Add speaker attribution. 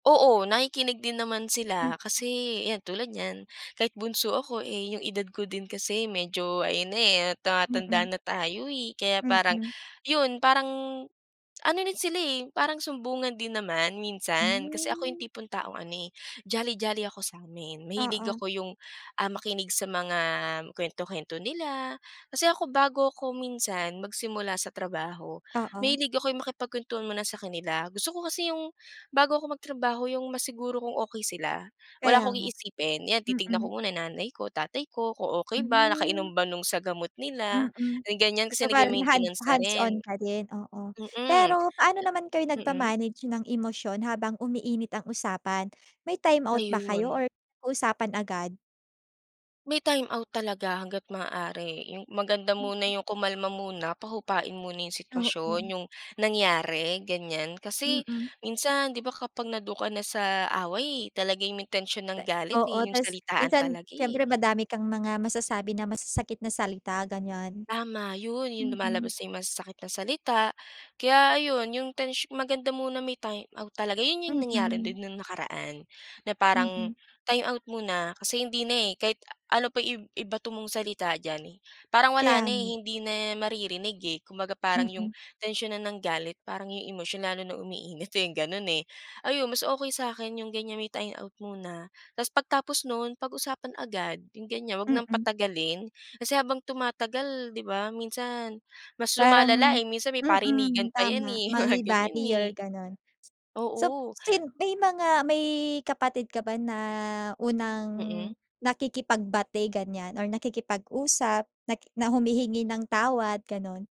Speaker 1: Oo, nakikinig din naman
Speaker 2: Mm.
Speaker 1: sila, kasi yan tulad niyan, kahit bunso ako, eh yung edad ko din kasi medyo, ayun na eh,
Speaker 2: Mm.
Speaker 1: tumatanda na tayo eh. Kaya parang
Speaker 2: Mm.
Speaker 1: yun parang ano na sila eh, parang sumbungan din naman minsan. Kasi ako yung
Speaker 2: Hmm.
Speaker 1: tipong taong ano eh, jolly jolly ako sa'min, mahilig
Speaker 2: Oo.
Speaker 1: ako yung, ah, makinig sa mga kuwento-kuwento nila. Kasi ako bago ako minsan magsimula sa trabaho,
Speaker 2: Oo.
Speaker 1: mahilig ako yung makipagkwentuhan muna sa kanila, gusto ko kasi yung bago ako magtrabaho yung masiguro kung okey sila. Wala
Speaker 2: Kaya
Speaker 1: akong
Speaker 2: nga.
Speaker 1: iisipin, 'yan titignan ko
Speaker 2: Mm.
Speaker 1: muna nanay ko tatay ko kung okey ba
Speaker 2: Hmm.
Speaker 1: nakainom ba no'ng sa gamot nila
Speaker 2: Mm.
Speaker 1: ganyan
Speaker 2: So
Speaker 1: kasi
Speaker 2: bale hand
Speaker 1: nag-ma-maintainance na rin.
Speaker 2: hands-on ka din oo.
Speaker 1: Mm.
Speaker 2: Pero paano naman kayo
Speaker 1: Mm.
Speaker 2: nag-ma-manage ng emosyon habang umiinit ang usapan, may timeout ba kayo
Speaker 1: Ayun.
Speaker 2: or usapan agad?
Speaker 1: May timeout talaga hangga't maaari yung maganda muna yung kumalma muna pahupain muna yung sitwasyon
Speaker 2: Oo.
Speaker 1: yung nangyari, ganyan. Kasi
Speaker 2: Mm.
Speaker 1: minsan, 'di ba, kapag nando'n ka na sa away talaga yung intensyon ng galit
Speaker 2: Oo,
Speaker 1: eh, yung
Speaker 2: tas
Speaker 1: salitaan
Speaker 2: minsan,
Speaker 1: talaga eh.
Speaker 2: siyempre madami kang mga masasabi na masasakit na salita ganyan.
Speaker 1: Tama, yun yung
Speaker 2: Mm.
Speaker 1: lumalabas na yung masasakit na salita kaya ayon 'yong tensy maganda muna may timeout talaga 'yon 'yong nangyari
Speaker 2: Mm.
Speaker 1: din nung nakaraan, na parang
Speaker 2: Mm.
Speaker 1: timeout muna kasi hindi na eh. Kahit ano pa i ibato mong salita diyan, parang wala
Speaker 2: Kaya
Speaker 1: na eh
Speaker 2: nga.
Speaker 1: hindi na maririnig eh, kumbaga parang 'yong
Speaker 2: Mm.
Speaker 1: tensyon na ng galit parang yung emosyon lalo na umiinit eh, ganun eh. Ayun mas okey sa'kin yung ganyan may timeout muna tas pagtapos nun pag-usapan agad yung ganyan, wag ng
Speaker 2: Mm.
Speaker 1: patagalin kasi habang tumatagal 'di ba minsan mas lumalala
Speaker 2: Parang
Speaker 1: eh, minsan may parinigan
Speaker 2: mm,
Speaker 1: pa yan
Speaker 2: tama
Speaker 1: eh, mga
Speaker 2: mangi
Speaker 1: ganyan eh.
Speaker 2: barrier ganon. So
Speaker 1: Oo.
Speaker 2: sin may mga may kapatid ka ba na unang
Speaker 1: Mm.
Speaker 2: nakikipagbati ganyan or nakikipag-usap nak na humihingi ng tawad ganon?